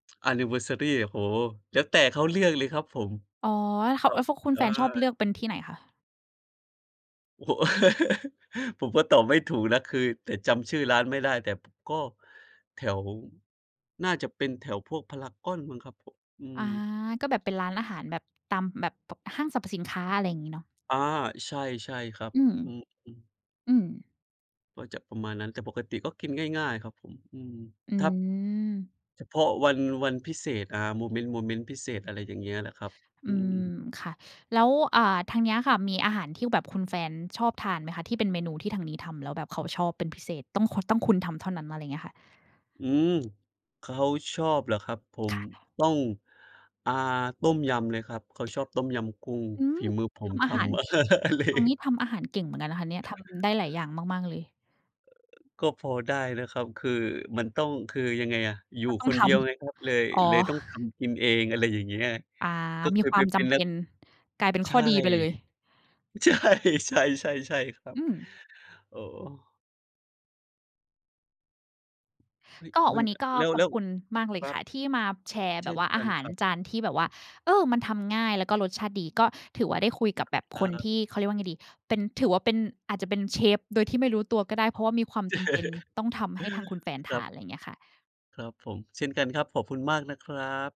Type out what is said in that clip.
Anniversary โอ้โฮ แล้วแต่เขาเลือกเลยครับผม อ๋อ ถ เขคา รเัอบ อ ฟ คุณอแฟนชอบเา ลือกเป็นที่ไหนคะ? โอ้โฮ ผมก็ตอบไม่ถูกนะ คือ แต่ จำชื่อร้านไม่ได้ แต่ก็แถว น่าจะเป็นแถวพวกพารากอนมั้งครับผม อือา ม ก็แบบเป็นร้านอาหารแบบ ตามแบบ ป ห้างสรรพสินค้า อะไรอย่างงี้เนาะ อา ใช่ ใช่ครับ อืม อือ อือ อืม ก็จะประมาณนั้น แต่ปกติก็กินง่าย ๆ ครับผม อือ อืถ้า ม เฉพาะวัน วันพิเศษ อา โมเมนต์ โมเมนต์พิเศษ อะไรอย่างเงี้ยแหละครับ อือืม อ ค่ะ แล้ว อ่า ทางเนี้ยค่ะ มีอาหารที่แบบคุณแฟนชอบทานไหมคะ? ที่เป็นเมนูที่ทางนี้ทำ แล้วแบบเขาชอบเป็นพิเศษ ต้องคุณ ต้องคุณทำเท่านั้น อะไรเงี้ยค่ะ อืม เขาชอบเหรอครับผคม ่ะ ต้อง อา ต้มยำเลยครับ เขาชอบต้มยำกุ้งอืม ฝีมือผทมำทอาหาร ำ อ เล ตรงนี้ทำอาหารเก่งเหมือนกันนะคะเนี่ย ทำได้หลายอย่างมาก ๆ เลย ก็พอได้นะครับ คือมันต้อง คือยังไงอะ อยกู่็ต้อคงนทเดียวไงครับ เลย ำ อ๋อ เลยต้องทำกินเอง อะไรอย่างเงี้ย อา ก็ ก็มเีคยควไาปมเจป็นำเปนัก ็น กลายเป็นใขช้่ อดีไปเลย ใช่ ใช่ ๆ ใช่ครัอบ ืม โอ้โฮ เฮ้ย ก็มัวัน นนอ ี้ก็แล้ว ขอแลบ้ว คุณมากเลคยรัค่บ ะที่มาแชร์เชแบ่บนว่ากอัานหาครรับ จานที่แบบว่า เออ มันทำง่ายแล้วก็รสชาติดี ก็ถือว่าได้คุยกับแบบคครนับ ที่ เขาเรียกว่าไงดี เป็น ถือว่าเป็น อาจจะเป็นเชฟโดยที่ไม่รู้ตัวก็ได้ เพราะว่ามีความจำเป็นต้องทำให้ทางคุณแฟนคทรัาบ น อะไรอย่างเงี้ยค่ะ ครับผม เช่นกันครับ ขอบคุณมากนะครับ